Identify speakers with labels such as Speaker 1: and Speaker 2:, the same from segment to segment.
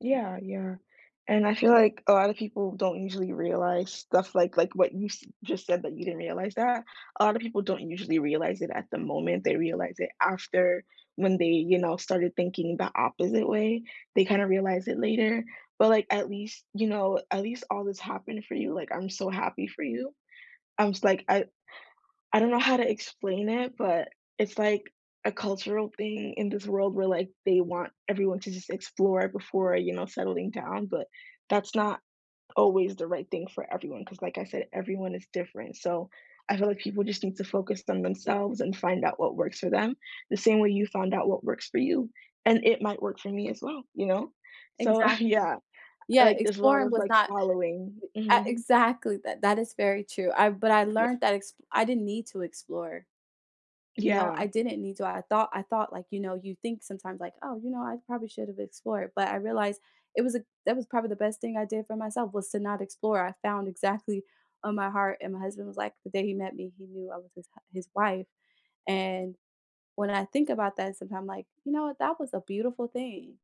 Speaker 1: Yeah, yeah, and I feel like a lotta people don't usually realize stuff like like what you s just said that you didn't realize that? A lotta people don't usually realize it at the moment, they realize it after when they, you know, started thinking the opposite way? They kinda realize it later, but like, at least, you know, at least all this happened for you, like, I'm so happy for you. I was like, I I don't know how to explain it, but it's like a cultural thing in this world where, like, they want everyone to just explore before, you know, settling down, but that's not always the right thing for everyone, 'cause like I said, everyone is different, so I feel like people just need to focus on themselves and find out what works for them, the same way you found out what works for you, and it might work for me as well, you know? So, uh,
Speaker 2: Exactly.
Speaker 1: yeah,
Speaker 2: Yeah,
Speaker 1: like, there's lot
Speaker 2: exploring
Speaker 1: of,
Speaker 2: was
Speaker 1: like,
Speaker 2: not
Speaker 1: following.
Speaker 2: uh,
Speaker 1: Mhm.
Speaker 2: exactly, that that is very true, I but I
Speaker 1: Ye
Speaker 2: learned that exp I didn't need to explore. You know,
Speaker 1: Yeah.
Speaker 2: I didn't need to, I thought I thought, like, you know, you think sometimes, like, "Oh, you know, I probably should've explored." But I realized it was a that was probably the best thing I did for myself was to not explore, I found exactly on my heart and my husband was like, the day he met me, he knew I was his hu his wife, and when I think about that, sometimes I'm like, "You know what, that was a beautiful thing."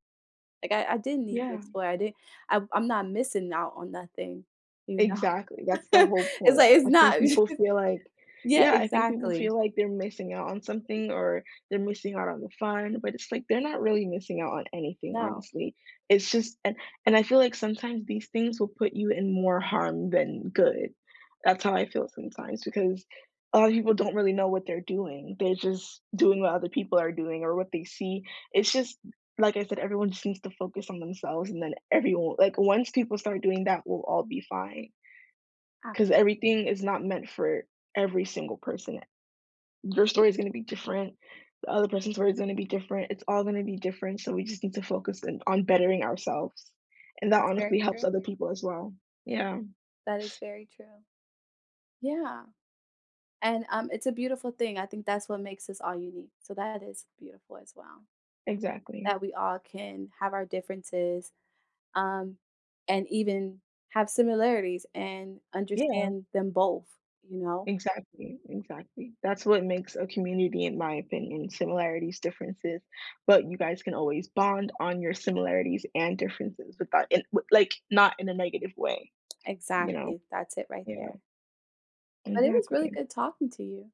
Speaker 2: Like, I I didn't need to
Speaker 1: Yeah.
Speaker 2: explore, I didn't I'm I'm not missing out on nothing, you know?
Speaker 1: Exactly, that's the whole
Speaker 2: It's like,
Speaker 1: point,
Speaker 2: it's
Speaker 1: I think
Speaker 2: not
Speaker 1: people feel like,
Speaker 2: Yeah,
Speaker 1: yeah, I think people
Speaker 2: exactly.
Speaker 1: feel like they're missing out on something or they're missing out on the fun, but it's like, they're not really missing out on anything,
Speaker 2: No.
Speaker 1: honestly, It's just and and I feel like sometimes these things will put you in more harm than good, that's how I feel sometimes because a lot of people don't really know what they're doing, they're just doing what other people are doing or what they see, it's just, like I said, everyone seems to focus on themselves and then everyo like, once people start doing that, we'll all be fine
Speaker 2: Ah.
Speaker 1: 'cause
Speaker 2: [unintelligible]
Speaker 1: everything is not meant for every single person. Their story is gonna be different, the other person's story is gonna be different, it's all gonna be different, so we just need to focus in on bettering ourselves. And that
Speaker 2: That's very
Speaker 1: honestly helps
Speaker 2: true.
Speaker 1: other people, as well. Yeah.
Speaker 2: That is very true. Yeah. And, um, it's a beautiful thing, I think that's what makes us all unique, so that is beautiful as well.
Speaker 1: Exactly.
Speaker 2: That we all can have our differences, um, and even have similarities and
Speaker 1: Yeah.
Speaker 2: understand them both, you know?
Speaker 1: Exactly, exactly, that's what makes a community in my opinion, similarities, differences, but you guys can always bond on your similarities and differences without an what like, not in a negative way. You know?
Speaker 2: Exactly, that's it right
Speaker 1: Yeah.
Speaker 2: there. But it was really
Speaker 1: Exactly.
Speaker 2: good talking to you.